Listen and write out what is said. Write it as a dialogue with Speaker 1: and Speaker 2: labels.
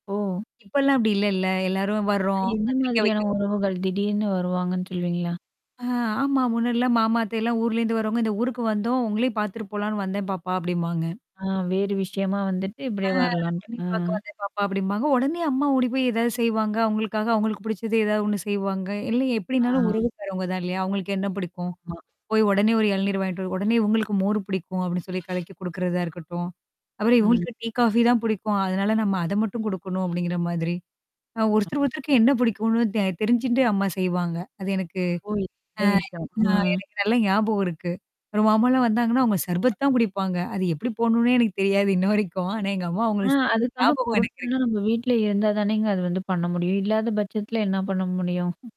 Speaker 1: ஓ!
Speaker 2: இப்பல்லாம் அப்டி இல்லல்ல! எல்லாரும்
Speaker 1: அது
Speaker 2: வர்றோம்.
Speaker 1: எந்த
Speaker 2: பத்திரிக்கை வைக்க
Speaker 1: மாதிரியான
Speaker 2: வ
Speaker 1: உறவுகள், திடீர்னு வருவாங்கன்னு சொல்லுவீங்களா?
Speaker 2: ஆ ஆமா. முன்னாடிலாம் மாமா அத்தையல்லாம் ஊர்லேருந்து வருவங்க. "இந்த ஊருக்கு வந்தோம். உங்களையும் பாத்துட்டு போலான்னு வந்தேன் பாப்பா" அப்டீம்பாங்க.
Speaker 1: ஆ, வேறு விஷயமா வந்துட்டு,
Speaker 2: ஆ,
Speaker 1: இப்படியியே வரலான்ட்டு. அ.
Speaker 2: "உன்னையும் பாக்க வந்தேன் பாப்பா" அப்டீம்பாங்க. உடனே அம்மா ஓடி போயி ஏதாவது செய்வாங்க, அவுங்களுக்காக அவுங்களுக்கு பிடிச்சது ஏதாவது ஒண்ணு செய்வாங்க? இல்ல எப்டீன்னாலும்
Speaker 1: ஆ.
Speaker 2: உறவுக்காறவங்க தான் இல்லையா? அவுங்களுக்கு என்னா பிடிக்கும்?
Speaker 1: ஆமா.
Speaker 2: போய் உடனே ஒரு இளநீர் வாங்கிட்டு வ உடனே உங்களுக்கு மோர் பிடிக்கும் அப்டீன்னு சொல்லி கலைக்கி குடுக்குறதா இருக்கட்டும், அப்புறம்
Speaker 1: ம்.
Speaker 2: இவுங்களுக்கு டீ, காஃபி தான் புடிக்கும். அதனால நம்ம அத மட்டும் குடுக்கணும் அப்படிங்கிற மாதிரி. அ ஒருத்தர் ஒருத்தருக்கு என்ன பிடிக்கும்னு தெ தெரிஞ்சுண்டு அம்மா செய்வாங்க. அது எனக்கு
Speaker 1: ஓ [unintelligible]
Speaker 2: அ
Speaker 1: நல்ல விஷயம்.
Speaker 2: ஆ
Speaker 1: அ.
Speaker 2: எனக்கு நல்லா ஞாபகம் இருக்கு. அப்புறம், மாமாலாம் வந்தாங்கன்னா, அவுங்க சர்பத் தான் குடிப்பாங்க அது எப்படி போடணும்ன்னே எனக்கு தெரியாது இன்ன வரைக்கும், ஆனா, எங்க அம்மா
Speaker 1: ஆ,
Speaker 2: அவுங்களுக்கு செஞ்ச
Speaker 1: அதுக்கான
Speaker 2: ஞாபகம் எனக்கு
Speaker 1: பொருட்கள்லாம்,
Speaker 2: இருக்கு.
Speaker 1: நம்ம வீட்ல இருந்தா தானேங்க அது வந்து பண்ண முடியும்? இல்லாத பட்சத்துல என்னா பண்ண முடியும்?